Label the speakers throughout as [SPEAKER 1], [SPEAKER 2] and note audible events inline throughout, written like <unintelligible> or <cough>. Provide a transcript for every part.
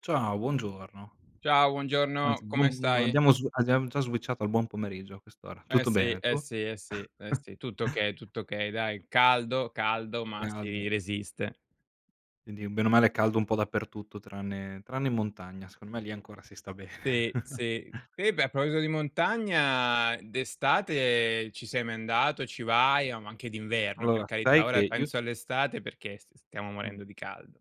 [SPEAKER 1] Ciao, buongiorno.
[SPEAKER 2] Ciao, buongiorno!
[SPEAKER 1] Anzi buon
[SPEAKER 2] Come
[SPEAKER 1] mhmm,
[SPEAKER 2] stai?
[SPEAKER 1] abbiamo s abbiamo già switchato al buon pomeriggio a quest'ora.
[SPEAKER 2] Eh
[SPEAKER 1] Tutto
[SPEAKER 2] sì,
[SPEAKER 1] bene,
[SPEAKER 2] eh
[SPEAKER 1] tu?
[SPEAKER 2] sì, eh sì, eh sì, tutto
[SPEAKER 1] <chuckles>
[SPEAKER 2] okay, tutto okay, dai, caldo, caldo, ma si
[SPEAKER 1] Caldo.
[SPEAKER 2] resiste.
[SPEAKER 1] Quindi bene o male è caldo un po' dappertutto tranne tranne in montagna, secondo me, lì ancora si sta bene.
[SPEAKER 2] Sì, sì.
[SPEAKER 1] <chuckles>
[SPEAKER 2] Eh beh, a proposito di montagna, d'estate ci sei mai andato, ci vai? Oh, ma anche d'inverno, per
[SPEAKER 1] Allora sai
[SPEAKER 2] carità,
[SPEAKER 1] che
[SPEAKER 2] ora
[SPEAKER 1] io s
[SPEAKER 2] penso all'estate perché s stiamo
[SPEAKER 1] Mh.
[SPEAKER 2] morendo di caldo.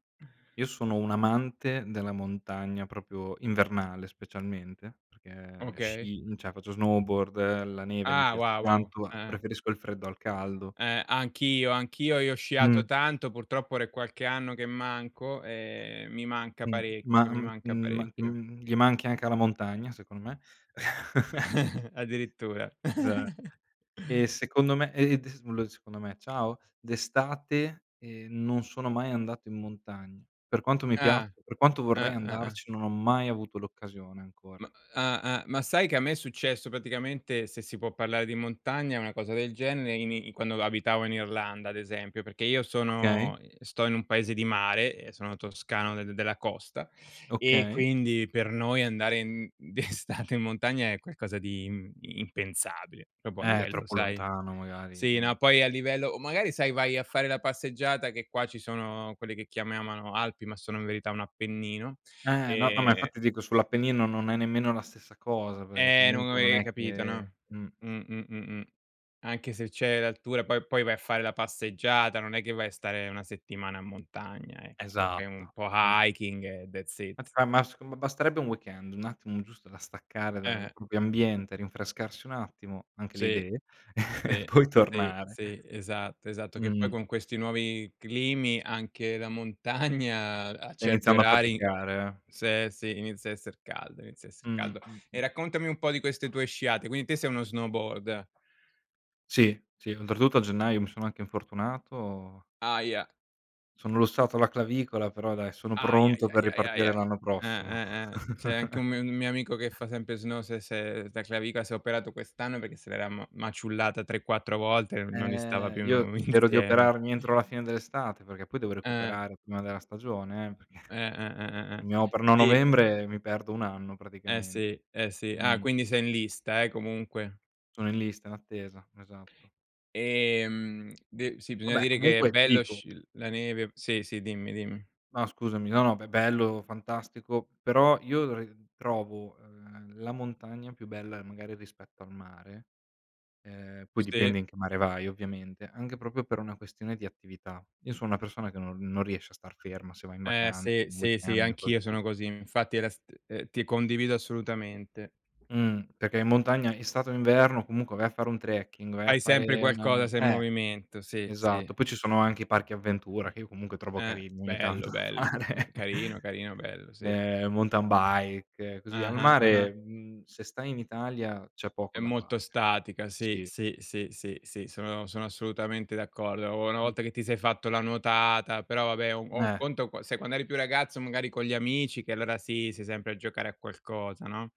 [SPEAKER 1] Io sono un amante della montagna proprio invernale, specialmente, perché
[SPEAKER 2] Okay.
[SPEAKER 1] sci cioè faccio snowboard, la neve mi
[SPEAKER 2] Ah,
[SPEAKER 1] piace
[SPEAKER 2] wow, wow. Eh,
[SPEAKER 1] tanto,
[SPEAKER 2] eh.
[SPEAKER 1] preferisco il freddo al caldo.
[SPEAKER 2] Eh, anch'io, anch'io. Io ho sciato
[SPEAKER 1] Mh.
[SPEAKER 2] tanto, purtroppo ora è qualche anno che manco e mi manca
[SPEAKER 1] Mh, ma
[SPEAKER 2] parecchio, mi manca
[SPEAKER 1] mhmm, ma,
[SPEAKER 2] parecchio.
[SPEAKER 1] mhmm, gli manchi anche alla montagna, secondo me. <chuckles>
[SPEAKER 2] <chuckles> Addirittura?
[SPEAKER 1] Già.
[SPEAKER 2] <chuckles>
[SPEAKER 1] E secondo me e <unintelligible> secondo me, ciao, d'estate, ehm, non sono mai andato in montagna, per quanto mi pia
[SPEAKER 2] Ah.
[SPEAKER 1] per quanto
[SPEAKER 2] Eh,
[SPEAKER 1] vorrei
[SPEAKER 2] eh, eh.
[SPEAKER 1] andarci, non ho mai avuto l'occasione ancora.
[SPEAKER 2] Ma ah-ah, ma sai che a me è successo praticamente, se si può parlare di montagna, una cosa del genere in i quando abitavo in Irlanda, ad esempio, perché io
[SPEAKER 1] Okay.
[SPEAKER 2] sono sto in un paese di mare e sono toscano de della costa e
[SPEAKER 1] Okay.
[SPEAKER 2] quindi per noi andare in d'estate in montagna è qualcosa di im impensabile, proprio a
[SPEAKER 1] Eh,
[SPEAKER 2] livello,
[SPEAKER 1] troppo
[SPEAKER 2] sai
[SPEAKER 1] lontano magari,
[SPEAKER 2] sì, no,
[SPEAKER 1] eh.
[SPEAKER 2] poi a livello o magari sai vai a fare la passeggiata che qua ci sono quelli che chiamano Alpi, ma sono in verità un Appennino,
[SPEAKER 1] Eh, no, no, ma
[SPEAKER 2] ehm
[SPEAKER 1] infatti dico sull'Appennino non è nemmeno la stessa cosa, perché
[SPEAKER 2] eh non
[SPEAKER 1] comunque non
[SPEAKER 2] avevi
[SPEAKER 1] è
[SPEAKER 2] capito,
[SPEAKER 1] che
[SPEAKER 2] no?
[SPEAKER 1] mh.
[SPEAKER 2] Mh, mh-mh, mh. Anche se c'è l'altura, poi poi vai a fare la passeggiata, non è che vai a stare una settimana in montagna, ecco, è un
[SPEAKER 1] Esatto,
[SPEAKER 2] po'
[SPEAKER 1] es
[SPEAKER 2] hiking e that's it.
[SPEAKER 1] <unintelligible> ma s basterebbe un weekend, un attimo giusto da staccare
[SPEAKER 2] Eh,
[SPEAKER 1] dal
[SPEAKER 2] eh.
[SPEAKER 1] proprio ambiente, rinfrescarsi un attimo, anche le
[SPEAKER 2] Sì,
[SPEAKER 1] idee <chuckles> e
[SPEAKER 2] sì,
[SPEAKER 1] poi
[SPEAKER 2] sì,
[SPEAKER 1] tornare.
[SPEAKER 2] sì, esatto, esatto, che poi
[SPEAKER 1] Mh-mh.
[SPEAKER 2] con questi nuovi climi anche la montagna a certi
[SPEAKER 1] Iniziando a
[SPEAKER 2] orari,
[SPEAKER 1] faticare, eh.
[SPEAKER 2] se sì, inizia a esser caldo, inizia a esser
[SPEAKER 1] Mh,
[SPEAKER 2] caldo. E
[SPEAKER 1] mh-mh.
[SPEAKER 2] raccontami un po' di queste tue sciate, quindi te sei uno snowboard.
[SPEAKER 1] Sì, sì, oltretutto a gennaio mi sono anche infortunato.
[SPEAKER 2] Ahia.
[SPEAKER 1] Sono lussato la clavicola, però, dai, sono
[SPEAKER 2] Ahi, ahi,
[SPEAKER 1] pronto per
[SPEAKER 2] ahi, ahi, ahi,
[SPEAKER 1] ripartire
[SPEAKER 2] ahi.
[SPEAKER 1] l'anno
[SPEAKER 2] Eh,
[SPEAKER 1] prossimo.
[SPEAKER 2] eh, eh. C'è anche un mi un mio amico che
[SPEAKER 1] <chuckles>
[SPEAKER 2] fa sempre snow, s'è s'è la clavicola, si è operato quest'anno perché se l'era ma maciullata 3-4 volte e non gli stava
[SPEAKER 1] Ehm,
[SPEAKER 2] più,
[SPEAKER 1] io
[SPEAKER 2] mhmm,
[SPEAKER 1] spero di
[SPEAKER 2] insieme.
[SPEAKER 1] operarmi entro la fine dell'estate perché poi devo
[SPEAKER 2] Eh.
[SPEAKER 1] recuperare prima della stagione, eh, perché
[SPEAKER 2] Eh, eh, eh, eh, eh,
[SPEAKER 1] mi operano a
[SPEAKER 2] sì.
[SPEAKER 1] novembre e mi perdo 1 anno
[SPEAKER 2] Eh
[SPEAKER 1] praticamen
[SPEAKER 2] sì, eh sì. Ah,
[SPEAKER 1] mh-mh.
[SPEAKER 2] quindi sei in lista, eh, comunque.
[SPEAKER 1] Sono in lista d'attesa, esatto.
[SPEAKER 2] Ehm, de sì,
[SPEAKER 1] Va
[SPEAKER 2] bisogna
[SPEAKER 1] beh,
[SPEAKER 2] dire che è
[SPEAKER 1] comunque, ti
[SPEAKER 2] bello
[SPEAKER 1] dico
[SPEAKER 2] sc uhm, la neve. Sì, sì, dimmi, dimm
[SPEAKER 1] No, scusami, no, no, be bello, fantastico, però io, uhm, trovo, ehm, la montagna più bella magari rispetto al mare, ehm, poi
[SPEAKER 2] Sì.
[SPEAKER 1] dipende in che mare vai, ovviamente, anche proprio per una questione di attività. Io so una persona che no non riesce a star ferma se va in
[SPEAKER 2] Eh
[SPEAKER 1] vacan
[SPEAKER 2] sì,
[SPEAKER 1] un
[SPEAKER 2] sì, sì,
[SPEAKER 1] weekend o cose
[SPEAKER 2] anch'io
[SPEAKER 1] così.
[SPEAKER 2] sono così, infatti era st ehm, ti condivido assolutamente.
[SPEAKER 1] Mhm, perché in montagna, estate o inverno, comunque vai a fare un trekking, vai a
[SPEAKER 2] Fai
[SPEAKER 1] fare
[SPEAKER 2] sempre
[SPEAKER 1] un
[SPEAKER 2] qualcosa, sei in
[SPEAKER 1] eh,
[SPEAKER 2] movimento, sì, sì.
[SPEAKER 1] esatto, poi ci sono anche i parchi avventura che io comunque trovo
[SPEAKER 2] Eh,
[SPEAKER 1] carini ogni
[SPEAKER 2] bello,
[SPEAKER 1] tanto
[SPEAKER 2] bello, mh,
[SPEAKER 1] fare,
[SPEAKER 2] carino, carino, bello, sì.
[SPEAKER 1] ehm, mountain bike, così al
[SPEAKER 2] Ah-ah, ah-ah.
[SPEAKER 1] mare, mhmm, se stai in Italia c'è poco
[SPEAKER 2] È
[SPEAKER 1] da
[SPEAKER 2] molto
[SPEAKER 1] fare.
[SPEAKER 2] statica, sì,
[SPEAKER 1] Sì.
[SPEAKER 2] sì, sì, sì, sì, sono sono assolutamente d'accordo, una
[SPEAKER 1] Mh.
[SPEAKER 2] volta che ti sei fatto la nuotata però, vabbè, o o un
[SPEAKER 1] Meh.
[SPEAKER 2] conto qua sai, quando eri più ragazzo magari con gli amici che, allora, sì, sei sempre a giocare a qualcosa, no?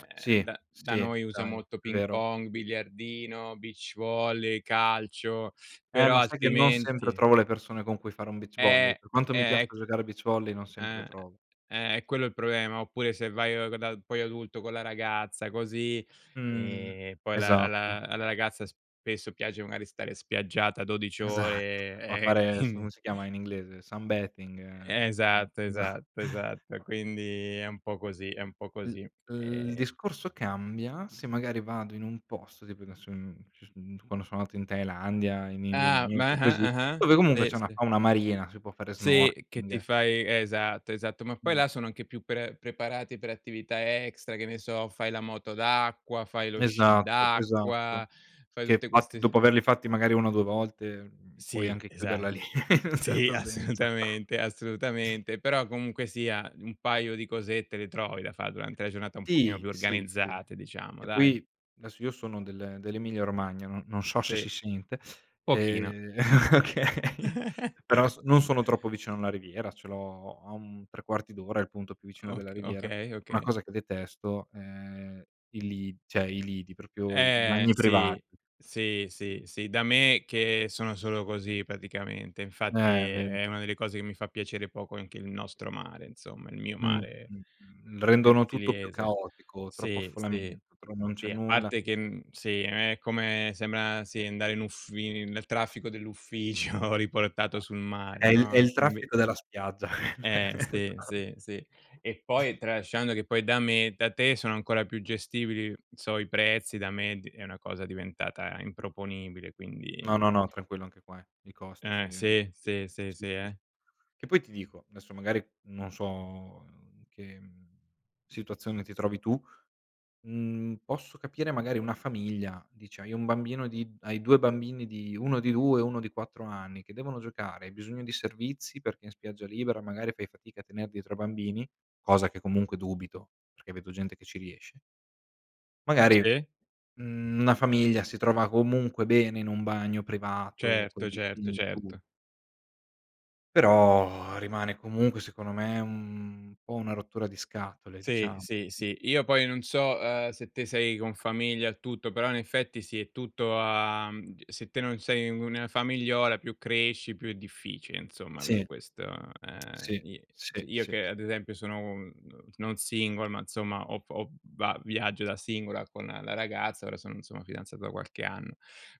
[SPEAKER 1] <clicks tongue> Sì,
[SPEAKER 2] da da
[SPEAKER 1] sì,
[SPEAKER 2] noi usa
[SPEAKER 1] dai,
[SPEAKER 2] molto
[SPEAKER 1] è
[SPEAKER 2] ping
[SPEAKER 1] vero.
[SPEAKER 2] pong, biliardino, beach volley, calcio, <sucks teeth>
[SPEAKER 1] Eh,
[SPEAKER 2] però
[SPEAKER 1] ma sai che non sempre
[SPEAKER 2] altrimenti
[SPEAKER 1] trovo le persone con cui fare un beach volley,
[SPEAKER 2] Eh,
[SPEAKER 1] per quanto mi
[SPEAKER 2] eh.
[SPEAKER 1] piaccia giocare a beach volley, non sempre le
[SPEAKER 2] Ah,
[SPEAKER 1] trovo.
[SPEAKER 2] eh, è quello il problema, oppure se vai proprio da, poi adulto con la ragazza, così,
[SPEAKER 1] Mhmm,
[SPEAKER 2] ehm, poi la
[SPEAKER 1] esatto.
[SPEAKER 2] alla alla ragazza spesso piace magari stare spiaggiata 12
[SPEAKER 1] Esatto,
[SPEAKER 2] ore,
[SPEAKER 1] a
[SPEAKER 2] ehm, e
[SPEAKER 1] fare, adesso
[SPEAKER 2] quindi.
[SPEAKER 1] come si chiama in inglese, sun bathing, eh
[SPEAKER 2] Esatto,
[SPEAKER 1] già.
[SPEAKER 2] esatto,
[SPEAKER 1] <breath>
[SPEAKER 2] esatto, quindi è un po' così, è un po'
[SPEAKER 1] L
[SPEAKER 2] così.
[SPEAKER 1] uhm, il
[SPEAKER 2] Ehm
[SPEAKER 1] discorso cambia se magari vado in un posto tipo adesso, uhm, ci s uhm, quando so andato in Thailandia, in
[SPEAKER 2] Ah, ma
[SPEAKER 1] Indonesia,
[SPEAKER 2] ah-ah,
[SPEAKER 1] così,
[SPEAKER 2] ah-ah,
[SPEAKER 1] dove comunque
[SPEAKER 2] sì,
[SPEAKER 1] c'è una
[SPEAKER 2] sì.
[SPEAKER 1] fauna marina, si può fare
[SPEAKER 2] Sì, che ti
[SPEAKER 1] snorkeling.
[SPEAKER 2] fai esatto, esatto, ma poi
[SPEAKER 1] Mh.
[SPEAKER 2] là sono anche più pre preparati per attività extra, che ne so, fai la moto d'acqua, fai lo sci
[SPEAKER 1] Esatto, esatto.
[SPEAKER 2] d'acqua, fai
[SPEAKER 1] Che
[SPEAKER 2] tutte
[SPEAKER 1] infatti
[SPEAKER 2] queste s
[SPEAKER 1] dopo averli fatti magari 1 o 2 volte, uhm, puoi
[SPEAKER 2] Sì,
[SPEAKER 1] anche chiuderla lì
[SPEAKER 2] esatto.
[SPEAKER 1] in un
[SPEAKER 2] Sì,
[SPEAKER 1] certo senso.
[SPEAKER 2] assolutamente, assolutamente, però, comunque sia, un paio di cosette le trovi da fa durante la giornata un pochino
[SPEAKER 1] Ti,
[SPEAKER 2] più
[SPEAKER 1] sì, sì.
[SPEAKER 2] organizzate, diciamo,
[SPEAKER 1] E
[SPEAKER 2] dai.
[SPEAKER 1] poi adesso io sono del dell'Emilia Romagna, no non sho she
[SPEAKER 2] Sì,
[SPEAKER 1] sci scente,
[SPEAKER 2] pochino.
[SPEAKER 1] ehm, okay però
[SPEAKER 2] <chuckles>
[SPEAKER 1] s non sono troppo vicino alla riviera, ce l'ho a un 3/4 d'ora il punto più vicino
[SPEAKER 2] Ok
[SPEAKER 1] della riviera.
[SPEAKER 2] okay,
[SPEAKER 1] Una
[SPEAKER 2] okay.
[SPEAKER 1] cosa che detesto è i li cioè i lidi, proprio i
[SPEAKER 2] Eh,
[SPEAKER 1] bagni privati.
[SPEAKER 2] sì, sì, sì, sì, da me che sono solo così, praticamente e, infatti,
[SPEAKER 1] Eh, ve
[SPEAKER 2] è una delle cose che mi fa piacere poco anche il nostro mare, insomma, il mio
[SPEAKER 1] Mh,
[SPEAKER 2] mare,
[SPEAKER 1] mh, mhmm rendono tutto più
[SPEAKER 2] versigliese.
[SPEAKER 1] caotico, troppo
[SPEAKER 2] Sì, sì,
[SPEAKER 1] affollamento, tromo non c'è
[SPEAKER 2] sì, a
[SPEAKER 1] nulla.
[SPEAKER 2] parte che, mhmm, sì, è come sembra, sì, andare in uffi nel traffico dell' ufficio riportato sul mare,
[SPEAKER 1] È il è
[SPEAKER 2] no, e
[SPEAKER 1] il
[SPEAKER 2] quindi
[SPEAKER 1] traffico della spiaggia quello
[SPEAKER 2] Eh,
[SPEAKER 1] esa
[SPEAKER 2] sì, sì, sì. E poi
[SPEAKER 1] <laughs>
[SPEAKER 2] tralasciando che poi da me e da te sono ancora più gestibili, n so i prezzi da me è di è una cosa diventata improponibile, quindi.
[SPEAKER 1] No, no, no, tranquillo anche qua eh. I costi son
[SPEAKER 2] Eh,
[SPEAKER 1] diventati,
[SPEAKER 2] sì,
[SPEAKER 1] alti
[SPEAKER 2] sì, sì,
[SPEAKER 1] sì,
[SPEAKER 2] sì,
[SPEAKER 1] sì.
[SPEAKER 2] eh.
[SPEAKER 1] Che poi ti dico, adesso magari non so, mhmm, in che, mhmm, situazione ti trovi tu, mhmm, posso capire magari una famiglia, dici hai 1 bambino di hai 2 bambini di 1 di 2 e 1 di 4 anni, che devono giocare, hai bisogno di servizi perché in spiaggia libera magari fai fatica a tener dietro a bambini, cosa che comunque dubito, perché vedo gente che ci riesce. Magari,
[SPEAKER 2] Sì?
[SPEAKER 1] mhmm, una famiglia si trova comunque bene in un bagno privato.
[SPEAKER 2] Certo, certo,
[SPEAKER 1] <unintelligible>
[SPEAKER 2] certo.
[SPEAKER 1] Però, <exhales> rimane comunque, secondo me, un po' una rottura di scatole,
[SPEAKER 2] Sì,
[SPEAKER 1] diciamo.
[SPEAKER 2] sì, sì. Io poi non so, uhm, se te sei con famiglia, il tutto, però in effetti sì, è tutto a, mhmm, ge se te non sei un famigliola più cresci, più è difficile, insomma, avere
[SPEAKER 1] Sì.
[SPEAKER 2] questo, ehm,
[SPEAKER 1] Sì,
[SPEAKER 2] i
[SPEAKER 1] sì,
[SPEAKER 2] sì, io
[SPEAKER 1] sì,
[SPEAKER 2] che
[SPEAKER 1] s
[SPEAKER 2] ad esempio sono un, non single, ma, insomma, ho f ho va viaggio da singola con la ragazza, ora sono insomma fidanzato da qualche anno.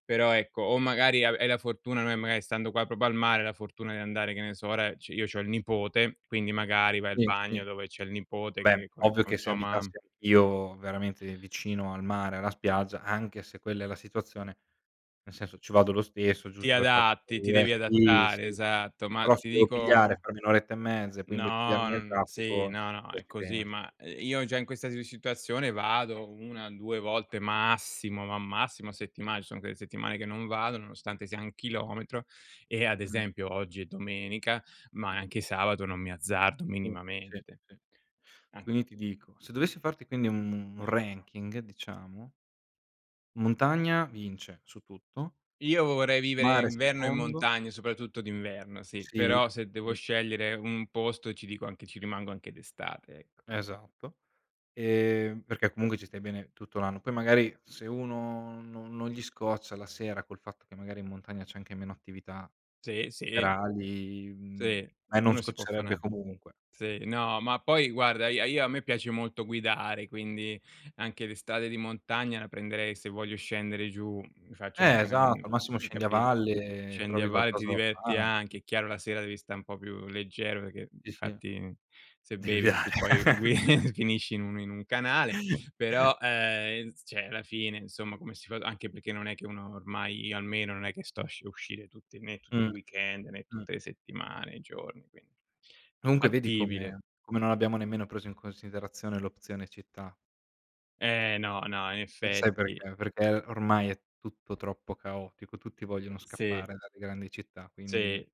[SPEAKER 2] Però, ecco, o magari ave hai la fortuna, no, e magari stando qua, proprio al mare, la fortuna di andare, che ne so, ora ci io c'ho il nipote, quindi magari vai al
[SPEAKER 1] Sì, sì.
[SPEAKER 2] bagno dove c'è il nipote
[SPEAKER 1] Beh,
[SPEAKER 2] che con i
[SPEAKER 1] ovvio
[SPEAKER 2] con
[SPEAKER 1] che se
[SPEAKER 2] sua
[SPEAKER 1] abitassi
[SPEAKER 2] mam
[SPEAKER 1] anch'io, veramente, vicino al mare, alla spiaggia, anche se quella è la situazione, nel senso, ci vado lo stesso,
[SPEAKER 2] Ti
[SPEAKER 1] giusto per fare qualco
[SPEAKER 2] adatti, ti
[SPEAKER 1] <unintelligible>
[SPEAKER 2] devi
[SPEAKER 1] sì,
[SPEAKER 2] adattare,
[SPEAKER 1] sì.
[SPEAKER 2] esatto. Ma,
[SPEAKER 1] Però se
[SPEAKER 2] ti
[SPEAKER 1] devo pigliare, e
[SPEAKER 2] dico
[SPEAKER 1] farmi 1 oretta e mezza e poi imbottigliarmi
[SPEAKER 2] No, no,
[SPEAKER 1] nel
[SPEAKER 2] non sì,
[SPEAKER 1] traffico,
[SPEAKER 2] no, no
[SPEAKER 1] <unintelligible>
[SPEAKER 2] è
[SPEAKER 1] ci
[SPEAKER 2] così.
[SPEAKER 1] pens
[SPEAKER 2] Ma, uhm, io già in questa siu situazione vado 1, 2 volte massimo, ma massimo a settimane, ci sono quelle settimane che non vado, nonostante sia 1 chilometro e, ad
[SPEAKER 1] Mh.
[SPEAKER 2] esempio, oggi è domenica, ma anche sabato non mi azzardo
[SPEAKER 1] Sì, sì,
[SPEAKER 2] minimamente.
[SPEAKER 1] sì.
[SPEAKER 2] An
[SPEAKER 1] Quindi ti dico, se dovessi farti, quindi, un ranking, diciamo montagna vince su tutto.
[SPEAKER 2] Io vorrei vivere
[SPEAKER 1] Mare
[SPEAKER 2] inverno in
[SPEAKER 1] secondo.
[SPEAKER 2] montagna, soprattutto d'inverno, sì,
[SPEAKER 1] Sì?
[SPEAKER 2] però se devo
[SPEAKER 1] I
[SPEAKER 2] scegliere un posto ti dico anche ci rimango anche d'estate, ecco.
[SPEAKER 1] Esatto. Ehm, perché comunque ci stai bene tutto l'anno, poi magari se uno no non gli scoccia la sera, col fatto che magari in montagna c'è anche meno attività
[SPEAKER 2] Sì, sì.
[SPEAKER 1] serali, mhmm,
[SPEAKER 2] Sì,
[SPEAKER 1] e non
[SPEAKER 2] uno si può fa
[SPEAKER 1] scoccerebbe
[SPEAKER 2] una
[SPEAKER 1] comunque.
[SPEAKER 2] sì, no, ma poi guarda ia io a me piace molto guidare, quindi anche le strade di montagna la prenderei se voglio scendere giù, mi faccio
[SPEAKER 1] Eh,
[SPEAKER 2] anche una
[SPEAKER 1] esatto,
[SPEAKER 2] mhmm,
[SPEAKER 1] al massimo
[SPEAKER 2] hai
[SPEAKER 1] scendi a
[SPEAKER 2] capi
[SPEAKER 1] valle e
[SPEAKER 2] scendi a
[SPEAKER 1] trovi
[SPEAKER 2] valle, ti
[SPEAKER 1] qualcosa da
[SPEAKER 2] diverti
[SPEAKER 1] fare.
[SPEAKER 2] anche, è chiaro la sera devi sta n po' più leggero perché,
[SPEAKER 1] Sì,
[SPEAKER 2] di
[SPEAKER 1] sì.
[SPEAKER 2] fatti, se
[SPEAKER 1] Di
[SPEAKER 2] bevi in
[SPEAKER 1] guidare.
[SPEAKER 2] cui poi gui
[SPEAKER 1] <chuckles>
[SPEAKER 2] <chuckles> finisci in un in un canale.
[SPEAKER 1] <chuckles>
[SPEAKER 2] Però, ehm, inz cioè, la fine, insomma, come si fa anche perché, non è che uno ormai io almeno non è che sto a sci uscire tutti né tutti i
[SPEAKER 1] Mh.
[SPEAKER 2] weekend, né
[SPEAKER 1] Mh.
[SPEAKER 2] tutte le settimane, i giorni, quin
[SPEAKER 1] Comunque, vedi
[SPEAKER 2] fattibile.
[SPEAKER 1] come come non abbiamo nemmeno preso in considerazione l'opzione città?
[SPEAKER 2] Eh, no, no, in
[SPEAKER 1] E sai
[SPEAKER 2] effetti.
[SPEAKER 1] perché? Perché ormai è tutto troppo caotico. Tutti vogliono
[SPEAKER 2] Sì.
[SPEAKER 1] scappare dalle grandi città, quindi
[SPEAKER 2] Sì.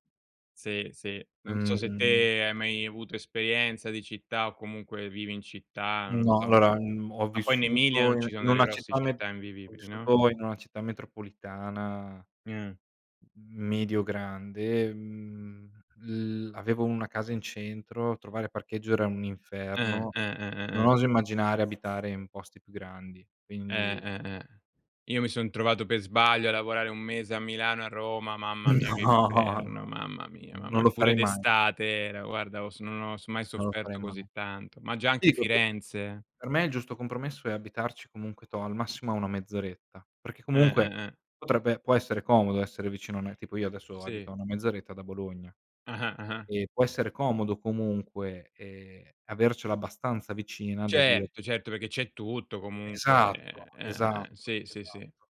[SPEAKER 2] Sì, sì. Non so se
[SPEAKER 1] Mh-mh.
[SPEAKER 2] te hai mai avuto esperienza di città, o comunque vivi in città, non lo
[SPEAKER 1] No.
[SPEAKER 2] so.
[SPEAKER 1] Allora, uhm, ho
[SPEAKER 2] Ma poi in Emilia,
[SPEAKER 1] vissuto
[SPEAKER 2] non
[SPEAKER 1] in
[SPEAKER 2] ci sono
[SPEAKER 1] in
[SPEAKER 2] delle
[SPEAKER 1] una
[SPEAKER 2] grosse
[SPEAKER 1] città me
[SPEAKER 2] città
[SPEAKER 1] ho
[SPEAKER 2] invivibili, no?
[SPEAKER 1] vissuto in una città metropolitana.
[SPEAKER 2] <unintelligible>
[SPEAKER 1] M medio grande, uhm, l avevo una casa in centro, trovare parcheggio era un
[SPEAKER 2] Eh,
[SPEAKER 1] inferno,
[SPEAKER 2] eh, eh,
[SPEAKER 1] non
[SPEAKER 2] eh, eh.
[SPEAKER 1] oso immaginare abitare in posti più grandi,
[SPEAKER 2] Eh,
[SPEAKER 1] quindi
[SPEAKER 2] eh, eh. Io mi son trovato per sbaglio, a lavorare 1 mese a Milano e a Roma, mamma mia, che
[SPEAKER 1] No, no,
[SPEAKER 2] inferno! Mamma mia,
[SPEAKER 1] n non
[SPEAKER 2] mam
[SPEAKER 1] lo
[SPEAKER 2] Pure
[SPEAKER 1] farei mai.
[SPEAKER 2] d'estate era guarda ho s non ho mai
[SPEAKER 1] Non lo farei
[SPEAKER 2] sofferto
[SPEAKER 1] mai.
[SPEAKER 2] così tanto. Ma già anche
[SPEAKER 1] Sì <unintelligible>
[SPEAKER 2] Firenze.
[SPEAKER 1] per me il giusto compromesso, è abitarci comunque, toh, al massimo a una mezz'oretta, perché
[SPEAKER 2] Eh,
[SPEAKER 1] comunque,
[SPEAKER 2] eh, eh.
[SPEAKER 1] potrebbe può essere comodo essere vicino a <unintelligible> tipo io adesso, abito
[SPEAKER 2] Sì.
[SPEAKER 1] a una mezz'oretta da Bologna.
[SPEAKER 2] Ah-ah, ah-ah.
[SPEAKER 1] E può essere comodo comunque, ehm, avercela abbastanza vicina da dire
[SPEAKER 2] Certo, certo, perché c'è tutto
[SPEAKER 1] Esatto,
[SPEAKER 2] comunque, eh, eh,
[SPEAKER 1] esatto,
[SPEAKER 2] eh. Sì, sì, sì.
[SPEAKER 1] esatto.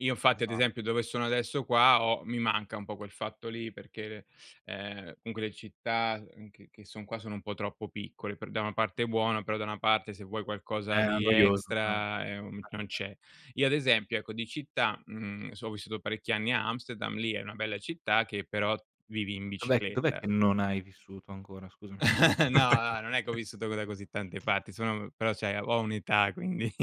[SPEAKER 2] Io infatti ad
[SPEAKER 1] Esa
[SPEAKER 2] esempio, dove sono adesso qua, ho mi manca un po' quel fatto lì perché, de ehm, comunque le città, uhm, che che son qua, sono un po' troppo piccole. Per da una parte è buono, però da una parte se vuoi qualcosa
[SPEAKER 1] Eh è
[SPEAKER 2] di
[SPEAKER 1] noioso, eh. Eh, eh.
[SPEAKER 2] extra, uhm, non c'è. Io ad esempio, ecco di città, mhmm, so ho vissuto parecchi anni a Amsterdam, lì è una bella città che però vivi in
[SPEAKER 1] Ma dov'è che dov'è
[SPEAKER 2] bicicletta.
[SPEAKER 1] che non hai vissuto ancora, scusami?
[SPEAKER 2] <chuckles> No, no, non è che ho vissuto, co da così tante
[SPEAKER 1] <chuckles>
[SPEAKER 2] parti sono però cioè ho un'età, quindi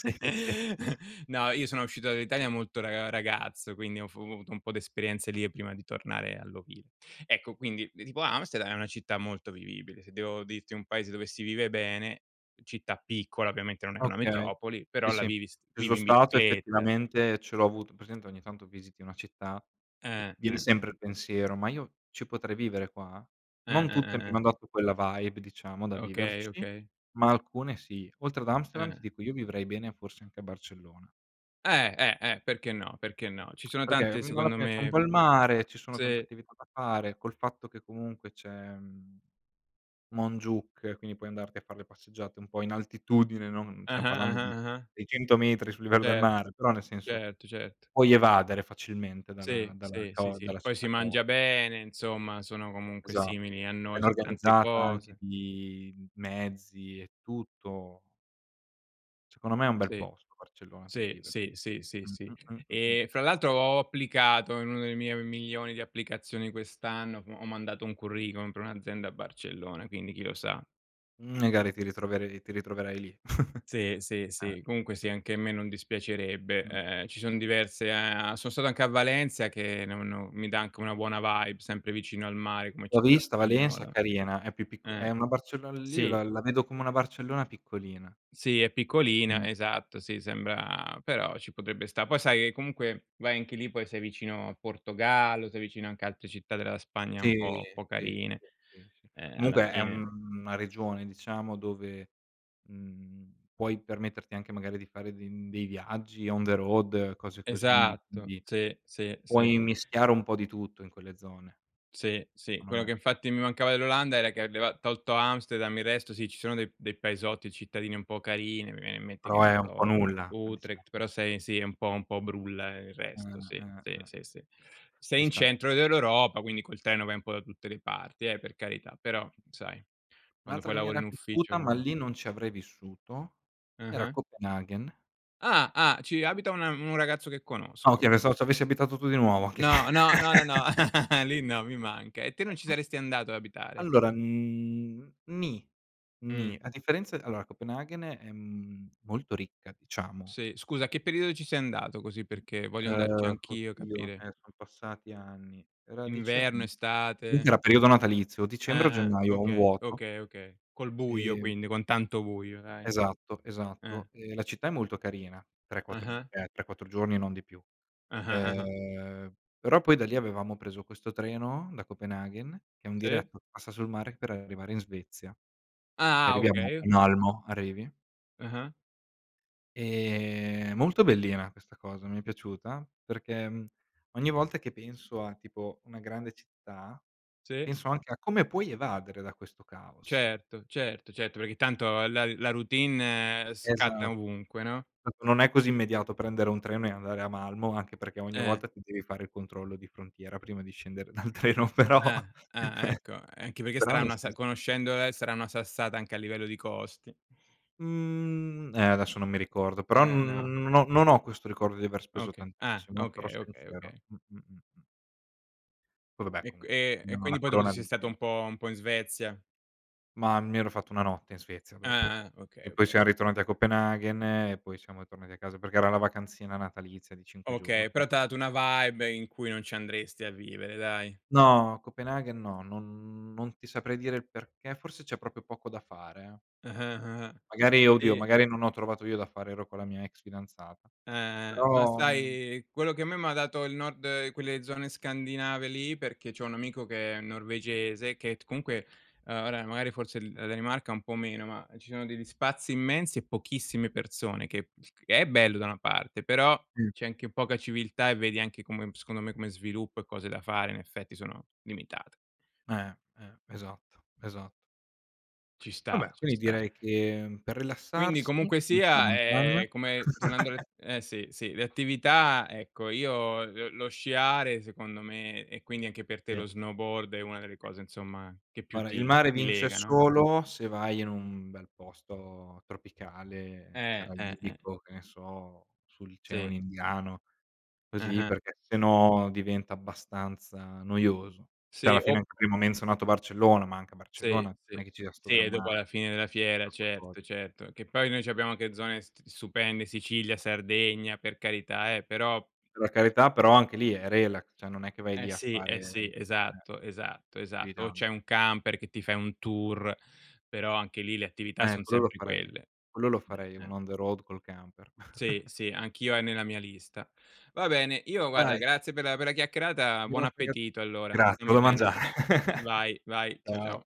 [SPEAKER 1] Sì, sì, sì.
[SPEAKER 2] <giggles> No, io sono uscito dall'Italia molto ra ragazzo, quindi ho f ho avuto un po' d'esperienze lì, prima di tornare all'ovile. Ecco quindi, tipo Amsterdam, è una città molto vivibile. Se devo dirti un paese dove si vive bene, città piccola ovviamente, non è una
[SPEAKER 1] Okay,
[SPEAKER 2] metropoli,
[SPEAKER 1] sì,
[SPEAKER 2] però la
[SPEAKER 1] sì.
[SPEAKER 2] vivi s
[SPEAKER 1] Ci son
[SPEAKER 2] vivi in
[SPEAKER 1] stato
[SPEAKER 2] bicicletta.
[SPEAKER 1] effettivamente, ce l'ho avuto hai presente ogni tanto visiti una città e
[SPEAKER 2] Eh,
[SPEAKER 1] viene
[SPEAKER 2] eh.
[SPEAKER 1] sempre il pensiero, ma io ci potrei vivere qua?
[SPEAKER 2] Eh,
[SPEAKER 1] Non
[SPEAKER 2] eh,
[SPEAKER 1] tutte, mi
[SPEAKER 2] eh, eh.
[SPEAKER 1] hanno dato quella vibe, diciamo da
[SPEAKER 2] Okay,
[SPEAKER 1] viverci,
[SPEAKER 2] okay.
[SPEAKER 1] ma alcune sì. Oltre ad Amsterdam, ti
[SPEAKER 2] Eh.
[SPEAKER 1] dico io vivrei bene, forse anche a Barcellona.
[SPEAKER 2] Eh, eh, eh. Perché no? Perché no? Ci
[SPEAKER 1] <smacks lips>
[SPEAKER 2] sono
[SPEAKER 1] Perché,
[SPEAKER 2] tante,
[SPEAKER 1] mhmm, alla
[SPEAKER 2] secondo
[SPEAKER 1] fine, c'è un
[SPEAKER 2] me
[SPEAKER 1] po' il mare, ci sono tante
[SPEAKER 2] Sì.
[SPEAKER 1] attività da fare, col fatto che, comunque, c'è, mhmm, Montjuïc, quindi puoi andarti a far' le passeggiate un po' in altitudine, non stiam
[SPEAKER 2] Ah-ah,
[SPEAKER 1] parlando
[SPEAKER 2] ah-ah,
[SPEAKER 1] di
[SPEAKER 2] ah-ah.
[SPEAKER 1] 600 metri sul livello del
[SPEAKER 2] Cer
[SPEAKER 1] mare, però, nel senso,
[SPEAKER 2] certo, certo.
[SPEAKER 1] puoi evadere facilmente dalla
[SPEAKER 2] Sì,
[SPEAKER 1] dalla
[SPEAKER 2] sì, sì,
[SPEAKER 1] cao
[SPEAKER 2] sì.
[SPEAKER 1] dalla
[SPEAKER 2] Poi
[SPEAKER 1] città
[SPEAKER 2] si
[SPEAKER 1] cao
[SPEAKER 2] mangia bene, insomma, sono comunque
[SPEAKER 1] Esa
[SPEAKER 2] simili a noi
[SPEAKER 1] ben
[SPEAKER 2] su tante
[SPEAKER 1] organizzata, anche
[SPEAKER 2] cose.
[SPEAKER 1] di mezzi e tutto. Secondo me, è un bel
[SPEAKER 2] Sì,
[SPEAKER 1] posto Barcellona, per
[SPEAKER 2] sì,
[SPEAKER 1] vivere.
[SPEAKER 2] sì, sì, sì,
[SPEAKER 1] Mh,
[SPEAKER 2] sì.
[SPEAKER 1] mh, mh, mh, mh.
[SPEAKER 2] Ehm, fra l'altro, ho applicato in uno delle mie milioni di applicazioni quest'anno, ho mandato un curriculum per un'azienda a Barcellona, quindi chi lo sa.
[SPEAKER 1] Magari ti ritrover ti ritroverai lì. <chuckles>
[SPEAKER 2] Sì, sì,
[SPEAKER 1] Eh.
[SPEAKER 2] sì. Comunque, sì, anche a me non dispiacerebbe,
[SPEAKER 1] Mh.
[SPEAKER 2] ehm, ci son diverse, uhm sono stato anche a Valencia, che no no mi dà anche una buona vibe, sempre vicino al mare come
[SPEAKER 1] L'ho
[SPEAKER 2] città
[SPEAKER 1] vista Valencia,
[SPEAKER 2] spagnola.
[SPEAKER 1] carina. È più picco è
[SPEAKER 2] Eh,
[SPEAKER 1] una Barcello li io
[SPEAKER 2] sì.
[SPEAKER 1] la vedo come una Barcellona piccolina.
[SPEAKER 2] Sì, è piccolina,
[SPEAKER 1] Mh.
[SPEAKER 2] esatto, sì, sembra però ci potrebbe sta'. Poi, sai, ehm, comunque, vai anche lì, poi sei vicino al Portogallo, sei vicino anche a altre città della Spagna,
[SPEAKER 1] Sì,
[SPEAKER 2] un po' un po'
[SPEAKER 1] sì,
[SPEAKER 2] carine,
[SPEAKER 1] sì, sì.
[SPEAKER 2] uhm, alla
[SPEAKER 1] Comunque, è,
[SPEAKER 2] fine.
[SPEAKER 1] mhmm, una regione, diciamo, dove, mhmm, puoi permetterti anche, magari, di fare de dei viaggi on the road, cose così,
[SPEAKER 2] Esatto.
[SPEAKER 1] quindi,
[SPEAKER 2] Sì, sì, sì.
[SPEAKER 1] puoi mischiare un po' di tutto in quelle zone.
[SPEAKER 2] Sì, sì.
[SPEAKER 1] Cono
[SPEAKER 2] Quello
[SPEAKER 1] me.
[SPEAKER 2] che infatti mi mancava dell'Olanda era che leva tolto Amsterdam, il resto, sì, ci sono dei dei paesotti, cittadini un po' carini, mi viene in mente, che
[SPEAKER 1] Però
[SPEAKER 2] ne
[SPEAKER 1] è un po'
[SPEAKER 2] so,
[SPEAKER 1] nulla, dicia
[SPEAKER 2] Utrecht, però sei sì, è un po' un po' brulla il
[SPEAKER 1] Mh,
[SPEAKER 2] resto, sì,
[SPEAKER 1] mh,
[SPEAKER 2] sì,
[SPEAKER 1] mh, mh,
[SPEAKER 2] sì, sì. Sei
[SPEAKER 1] ci
[SPEAKER 2] in
[SPEAKER 1] sta.
[SPEAKER 2] centro dell'Europa, quindi col treno vai un po' da tutte le parti, eh, per carità, però, sai, quando
[SPEAKER 1] Un'altra
[SPEAKER 2] poi
[SPEAKER 1] che mi
[SPEAKER 2] lavori
[SPEAKER 1] era
[SPEAKER 2] in ufficio
[SPEAKER 1] piaciuta, ma lì non ci avrei vissuto, era
[SPEAKER 2] Ah-ah.
[SPEAKER 1] Copenaghen.
[SPEAKER 2] Ah, ah ci abita una un ragazzo che
[SPEAKER 1] Ah,
[SPEAKER 2] conosco.
[SPEAKER 1] okay, pensavo ci avessi abitato tu di nuovo, anche l
[SPEAKER 2] No, no, no, no, no, <chuckles>
[SPEAKER 1] <chuckles>
[SPEAKER 2] lì no, mi manca e te non ci saresti andato ad abitare?
[SPEAKER 1] Allora, mhmm, ni, ni,
[SPEAKER 2] Mh.
[SPEAKER 1] a differenza allora, Copenaghen, ehm, è molto ricca, diciamo.
[SPEAKER 2] Sì, scusa, che periodo ci sei andato così perché voglio andarci
[SPEAKER 1] Uhm,
[SPEAKER 2] anch'io e
[SPEAKER 1] oddio,
[SPEAKER 2] capire.
[SPEAKER 1] ehm sono passati anni. Era dicem
[SPEAKER 2] Inverno, estate?
[SPEAKER 1] comunque era periodo natalizio, o dicembre o
[SPEAKER 2] Ah-ah.
[SPEAKER 1] gennaio, ho un
[SPEAKER 2] Okay,
[SPEAKER 1] vuoto.
[SPEAKER 2] okay, okay, col buio,
[SPEAKER 1] Ehm
[SPEAKER 2] quindi con tanto buio, dai.
[SPEAKER 1] Esatto,
[SPEAKER 2] Eh.
[SPEAKER 1] esatto. Ehm, la città è molto carina, tre, quattro uhm,
[SPEAKER 2] Ah-ah.
[SPEAKER 1] 3-4 giorni e non di più.
[SPEAKER 2] Ah-ah, ah-ah.
[SPEAKER 1] Uhm, però poi da lì avevamo preso questo treno, da Copenaghen, che è un
[SPEAKER 2] Sì?
[SPEAKER 1] diretto che passa sul mare per arrivare in Svezia.
[SPEAKER 2] Ah-ah,
[SPEAKER 1] Arriviamo a
[SPEAKER 2] okay.
[SPEAKER 1] Malmo, arrivi
[SPEAKER 2] Ah-ah.
[SPEAKER 1] ehm, molto bellina questa cosa, mi è piaciuta, perché ogni volta che penso a, tipo, una grande città,
[SPEAKER 2] Sì?
[SPEAKER 1] penso anche a come puoi evadere da questo caos.
[SPEAKER 2] Certo, certo, certo, perché tanto la la routine
[SPEAKER 1] Esa
[SPEAKER 2] scatta ovunque, no?
[SPEAKER 1] esa non è così immediato prendere un treno e andare a Malmo, anche perché, ogni
[SPEAKER 2] Eh.
[SPEAKER 1] volta, ti devi fare il controllo di frontiera prima di scendere dal treno, però
[SPEAKER 2] Eh, eh,
[SPEAKER 1] <chuckles>
[SPEAKER 2] ecco, anche perché
[SPEAKER 1] però
[SPEAKER 2] sarà
[SPEAKER 1] nel
[SPEAKER 2] una sa
[SPEAKER 1] sens
[SPEAKER 2] conoscendole sarà una sassata anche a livello di costi.
[SPEAKER 1] Mhmm, eh, adesso non mi ricordo. Però n
[SPEAKER 2] Eh,
[SPEAKER 1] no
[SPEAKER 2] no.
[SPEAKER 1] non ho non ho questo ricordo di aver speso
[SPEAKER 2] Okay. Ah,
[SPEAKER 1] tantissimo, eh, sarò
[SPEAKER 2] okay, okay,
[SPEAKER 1] sincero
[SPEAKER 2] okay.
[SPEAKER 1] mh, mh, mh, mh. Poi vabbè
[SPEAKER 2] E q
[SPEAKER 1] comun
[SPEAKER 2] e e
[SPEAKER 1] no, la
[SPEAKER 2] quindi poi dopo ti
[SPEAKER 1] corona di
[SPEAKER 2] sei stato,
[SPEAKER 1] me
[SPEAKER 2] un po' un po' in Svezia.
[SPEAKER 1] Mah, mi ero fatto 1 notte in Svezia dopo.
[SPEAKER 2] Ah, ah, okay,
[SPEAKER 1] E poi
[SPEAKER 2] okay.
[SPEAKER 1] siam ritornati a Copenaghen, e poi siamo tornati a casa, perché era la vacanzina natalizia di 5
[SPEAKER 2] Okay,
[SPEAKER 1] giorni.
[SPEAKER 2] però t'ha dato una vibe in cui non ci andresti a vivere, dai.
[SPEAKER 1] No, Copenaghen no, non non ti saprei dire il perché, forse c'è proprio poco da fare, eh.
[SPEAKER 2] Ah-ah, ah,
[SPEAKER 1] Magari oddio,
[SPEAKER 2] sì.
[SPEAKER 1] magari non ho trovato io da fare, ero con la mia ex fidanzata.
[SPEAKER 2] Eh, eh. Ma
[SPEAKER 1] Però, mhmm
[SPEAKER 2] sai quello, che a me m'ha dato, il nord quelle zone scandinave lì, perché c'ho un amico che è norvegese che t comunque, uhm, ora magari forse l la Danimarca un po' meno, ma ci sono degli spazi immensi e pochissime persone, che che è bello da una parte, però,
[SPEAKER 1] Mh.
[SPEAKER 2] c'è anche poca civiltà, e vedi anche come m secondo me come sviluppo e cose da fare, in effetti, sono limitat
[SPEAKER 1] Eh, eh, esatto, esat
[SPEAKER 2] Ci
[SPEAKER 1] Vabbè,
[SPEAKER 2] sta, ci
[SPEAKER 1] quindi
[SPEAKER 2] sta.
[SPEAKER 1] direi che per
[SPEAKER 2] Quindi,
[SPEAKER 1] rilassarsi,
[SPEAKER 2] comunque
[SPEAKER 1] vince la
[SPEAKER 2] sia,
[SPEAKER 1] montagna.
[SPEAKER 2] è come tornando
[SPEAKER 1] <chuckles>
[SPEAKER 2] alle eh sì, sì, le attività, ecco, io lo lo sciare secondo me e quindi anche per te
[SPEAKER 1] Sì.
[SPEAKER 2] lo snowboard, è una delle cose insomma, che più
[SPEAKER 1] Guarda il
[SPEAKER 2] ti
[SPEAKER 1] mare
[SPEAKER 2] ti
[SPEAKER 1] vince
[SPEAKER 2] lega no.
[SPEAKER 1] solo se vai in un bel posto tropicale,
[SPEAKER 2] Eh, eh, eh.
[SPEAKER 1] caraibico, che ne so, sull'oceano
[SPEAKER 2] Sì.
[SPEAKER 1] indiano, così,
[SPEAKER 2] Ah-ah.
[SPEAKER 1] perché se no diventa abbastanza noioso. Cioè,
[SPEAKER 2] Sì,
[SPEAKER 1] alla fine
[SPEAKER 2] ob
[SPEAKER 1] anche prima ho menzionato Barcellona, ma anche a Barcellona
[SPEAKER 2] Sì,
[SPEAKER 1] non
[SPEAKER 2] sì.
[SPEAKER 1] è che ci sia 'sto
[SPEAKER 2] Sì
[SPEAKER 1] gran
[SPEAKER 2] e
[SPEAKER 1] ma
[SPEAKER 2] dopo, alla fine della fiera,
[SPEAKER 1] <unintelligible>
[SPEAKER 2] certo, certo, che poi noi c'abbiamo anche zone st stupende, Sicilia, Sardegna, per carità eh, però
[SPEAKER 1] E la carità, però anche lì è relax, cioè non è che vai
[SPEAKER 2] Eh
[SPEAKER 1] lì a
[SPEAKER 2] sì,
[SPEAKER 1] fare
[SPEAKER 2] eh sì,
[SPEAKER 1] eh.
[SPEAKER 2] esatto, esatto,
[SPEAKER 1] Più di
[SPEAKER 2] esatto, o
[SPEAKER 1] tan
[SPEAKER 2] c'è un camper che ti fai un tour, però anche lì, le attività
[SPEAKER 1] Eh,
[SPEAKER 2] son
[SPEAKER 1] quello lo
[SPEAKER 2] sempre
[SPEAKER 1] farei.
[SPEAKER 2] quelle.
[SPEAKER 1] Quello lo farei,
[SPEAKER 2] Eh, eh.
[SPEAKER 1] un on the road, col camper.
[SPEAKER 2] Sì,
[SPEAKER 1] <chuckles>
[SPEAKER 2] sì, anch'io, è nella mia lista. Va bene, io guarda
[SPEAKER 1] Dai.
[SPEAKER 2] grazie per la per la chiacchierata. Buon
[SPEAKER 1] <unintelligible>
[SPEAKER 2] appetito allora.
[SPEAKER 1] Gra
[SPEAKER 2] Stammi
[SPEAKER 1] devo
[SPEAKER 2] bene.
[SPEAKER 1] mangiare. <chuckles>
[SPEAKER 2] Vai, vai. Ciao ciao.
[SPEAKER 1] Ciao.